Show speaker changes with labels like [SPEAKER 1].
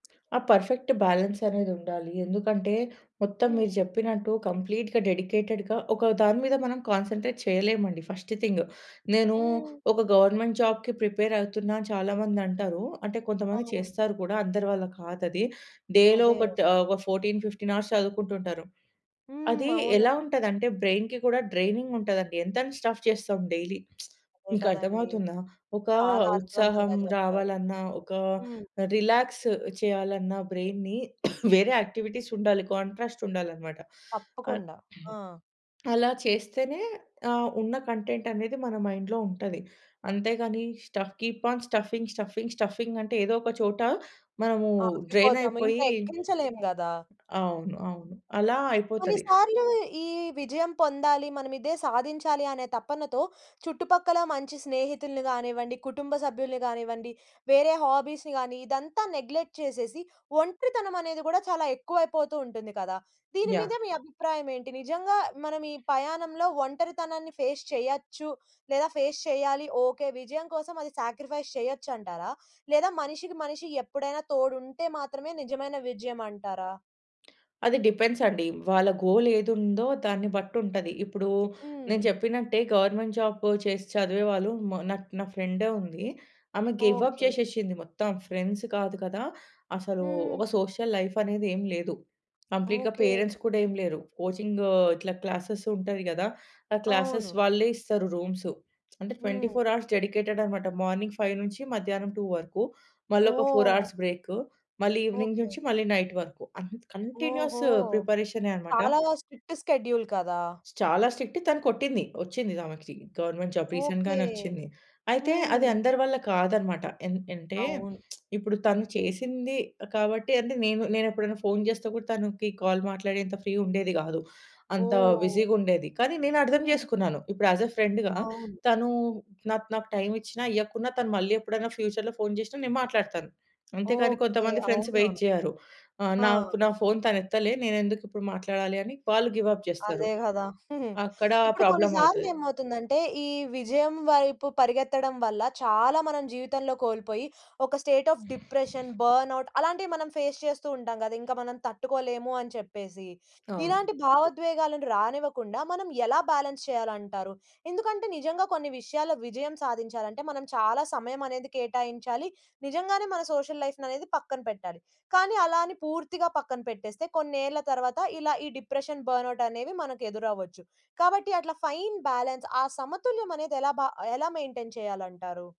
[SPEAKER 1] ఆ perfect balance అనేది ఉండాలి. ఎందుకంటే, మొత్తం
[SPEAKER 2] హ్మ్.
[SPEAKER 1] మీరు జెప్పినట్టు కంప్లీట్‌గా డెడికేటెడ్‌గా ఒక దాని మీద మనం కాన్సంట్రేట్ చేయలేమండి, ఫస్ట్ థింగ్, నేను
[SPEAKER 2] హ్మ్.
[SPEAKER 1] ఒక గవర్నమెంట్ జాబ్‌కి ప్రిపేర్ అవుతున్నా అని చాలా మంది అంటారు. అంటే కొంతమంది
[SPEAKER 2] అవును.
[SPEAKER 1] చేస్తారు కూడా, అందరి వల్ల కాదది. డేలో
[SPEAKER 2] అదే!
[SPEAKER 1] ఒక తా 14, 15 అవర్స్ చదువుకుంటూ ఉంటారు.
[SPEAKER 2] హ్మ్.
[SPEAKER 1] అది
[SPEAKER 2] అవునా!
[SPEAKER 1] ఎలా ఉంటది అంటే, బ్రెయిన్‌కి కూడా డ్రేనింగ్ ఉంటదండి. ఎంతని స్టఫ్ చేస్తాం డైలీ,
[SPEAKER 2] అదే కదండీ!
[SPEAKER 1] మీకర్థమవుతుందా? ఒక
[SPEAKER 2] చాలా
[SPEAKER 1] ఉత్సాహం
[SPEAKER 2] అర్థవంతంగా జెప్పారు.
[SPEAKER 1] రావాలన్న, ఒక
[SPEAKER 2] హ్మ్.
[SPEAKER 1] రిలాక్స్ చేయాలన్న బ్రెయిన్‌‌ని వేరే యాక్టివిటీస్ ఉండాలి. కాంట్రాస్ట్ ఉండాలన్నమాట. అ
[SPEAKER 2] తప్పకుండా. ఆ!
[SPEAKER 1] అలా చేస్తేనే, ఆహ్, ఉన్న కంటెంట్ అనేది మన మైండ్‌లో ఉంటది. అంతేగాని stuff, keep on stuffing, stuffing, stuffing అంటే ఏదో ఒక చోట మనము డ్రెయిన్
[SPEAKER 2] ఆగిపోతాము.
[SPEAKER 1] అయిపోయి
[SPEAKER 2] ఇంకా ఎక్కించలేము గదా!
[SPEAKER 1] అవును. అవును. అలా అయిపోతది.
[SPEAKER 2] కొన్నిసార్లు ఈ విజయం పొందాలి. మనం ఇదే సాధించాలి అనే తపనతో చుట్టుపక్కల మంచి స్నేహితుల్ని గానివ్వండి, కుటుంబ సభ్యుల్ని గానివ్వండి, వేరే హాబీస్‌ని గాని ఇదంతా నెగ్లెక్ట్ చేసేసి ఒంటరితనమనేది గూడా చాలా ఎక్కువైపోతూ ఉంటుంది కదా! దీని
[SPEAKER 1] యాహ్!
[SPEAKER 2] మీద మీ అభిప్రాయం ఏంటి? నిజంగా మనం ఈ పయాణంలో ఒంటరితనాన్ని ఫేస్ చేయొచ్చు లేదా ఫేస్ చెయ్యాలి. ఓకే విజయం కోసం అది సాక్రిఫైస్ చేయొచ్చంటారా? లేదా మనిషికి మనిషి ఎప్పుడైనా తోడుంటే మాత్రమే నిజమైన విజయమంటారా?
[SPEAKER 1] అది డిపెండ్స్ అండి. వాళ్ళ గోల్ ఏదుందో దాన్ని బట్టి ఉంటది. ఇప్పుడు నేను
[SPEAKER 2] హ్మ్.
[SPEAKER 1] చెప్పినట్టే గవర్నమెంట్ జాబ్ చేసి చదివేవాళ్ళు మా నాక్ నా ఫ్రెండే ఉంది. ఆమె గివ్ అప్
[SPEAKER 2] ఓకే.
[SPEAKER 1] చేసేసింది. మొత్తం ఫ్రెండ్స్ కాదు కదా! అసలు
[SPEAKER 2] హ్మ్.
[SPEAKER 1] ఒక సోషల్ లైఫ్ అనేది ఏమి లేదు. కంప్లీట్‌గా
[SPEAKER 2] ఓకే.
[SPEAKER 1] పేరెంట్స్ కూడా ఏమి లేరు. కోచింగ్ ఇట్లా క్లాసెస్ ఉంటది కదా! ఆ క్లాసెస్
[SPEAKER 2] అవును.
[SPEAKER 1] వాళ్ళే ఇస్తారు. రూమ్స్ అంటే ట్వెంటీ
[SPEAKER 2] హ్మ్.
[SPEAKER 1] ఫోర్ అవర్స్ డెడికేటెడ్ అన్నమాట. మార్నింగ్ 5 నుంచి మధ్యాహ్నం 2 వరకు. మళ్ళొక 4
[SPEAKER 2] ఓహ్!
[SPEAKER 1] అవర్స్ బ్రేక్, మళ్ళీ ఈవెనింగ్
[SPEAKER 2] ఓకే.
[SPEAKER 1] నుంచి మళ్ళీ నైట్ వరకు అం కంటిన్యూయస్
[SPEAKER 2] ఓహో!
[SPEAKER 1] ప్రిపరేషనే అన్నమాట.
[SPEAKER 2] చాలా స్ట్రిక్ట్ స్కెడ్యూల్ కదా!
[SPEAKER 1] స్ చాలా స్ట్రిక్ట్. తను కొట్టింది. వచ్చింది. ఆమెకి గవర్నమెంట్ జాబ్
[SPEAKER 2] ఓకే.
[SPEAKER 1] రీసెంట్‌గానే వచ్చింది. అయితే అది
[SPEAKER 2] హ్మ్.
[SPEAKER 1] అందరి వల్ల కాదన్నమాట. ఎన్ అంటే
[SPEAKER 2] అవును.
[SPEAKER 1] ఇప్పుడు తను చేసింది కాబట్టి అంటే నేను ఎప్పుడైనా ఫోన్ జేస్తే కూడా తనకి కాల్ మాట్లాడేంత ఫ్రీ ఉండేది గాదు. అంత
[SPEAKER 2] ఓహ్!
[SPEAKER 1] బిజీగా ఉండేది. కానీ నేను అర్థం
[SPEAKER 2] హ్మ్.
[SPEAKER 1] జేసుకున్నాను. ఇప్పుడు యాజ్ ఎ ఫ్రెండ్‌గా
[SPEAKER 2] అవును.
[SPEAKER 1] తను నాకు, నాకు టైమ్ ఇచ్చినా ఇయ్యకున్నా తను మళ్ళీ ఎప్పుడైనా ఫ్యూచర్‌లో ఫోన్ జేసినా నేను మాట్లాడతాను. అంతే కానీ
[SPEAKER 2] ఓకే.
[SPEAKER 1] కొంతమంది ఫ్రెండ్స్
[SPEAKER 2] అవునా?
[SPEAKER 1] వెయిట్ జెయ్యరు. ఆహ్,
[SPEAKER 2] ఆ!
[SPEAKER 1] నాకు నా ఫోన్ తను ఎత్తలే, నేనేందుకు ఇప్పుడు మాట్లాడాలి అని వాళ్ళు గివ్ అప్ జేస్తారు.
[SPEAKER 2] అదే గదా!
[SPEAKER 1] అక్కడ
[SPEAKER 2] ఇప్పుడు
[SPEAKER 1] ప్రాబ్లమ్
[SPEAKER 2] కొన్నిసార్లు
[SPEAKER 1] అవుతది.
[SPEAKER 2] ఏమవుతుందంటే, ఈ విజయం వైపు పరిగెత్తడం వల్ల చాలా మనం జీవితంలో కోల్పోయి ఒక స్టేట్ ఆఫ్ డిప్రెషన్, బర్న్‌ఔట్ అలాంటివి మనం ఫేస్ చేస్తూ ఉంటాం గదా! ఇంకా మనం తట్టుకోలేము అని చెప్పేసి
[SPEAKER 1] అవును.
[SPEAKER 2] ఇలాంటి భావోద్వేగాలను రానివ్వకుండా మనం ఎలా బ్యాలన్స్ చేయాలంటారు? ఎందుకంటే నిజంగా కొన్ని విషయాల్లో విజయం సాధించాలంటే మనం చాలా సమయమనేది కేటాయించాలి. నిజంగానే మన సోషల్ లైఫ్ అనేది పక్కన పెట్టాలి. కానీ అలా అని పూర్తిగా పక్కన పెట్టేస్తే కొన్నేళ్ల తర్వాత ఇలా ఈ డిప్రెషన్, బర్న్‌ఔట్ అనేవి మనకు ఎదురవ్వొచ్చు. కాబట్టి అట్లా ఫైన్ బ్యాలన్స్ ఆ సమతుల్యమనేది ఎలా బ ఎలా మెయింటైన్ చేయాలంటారు?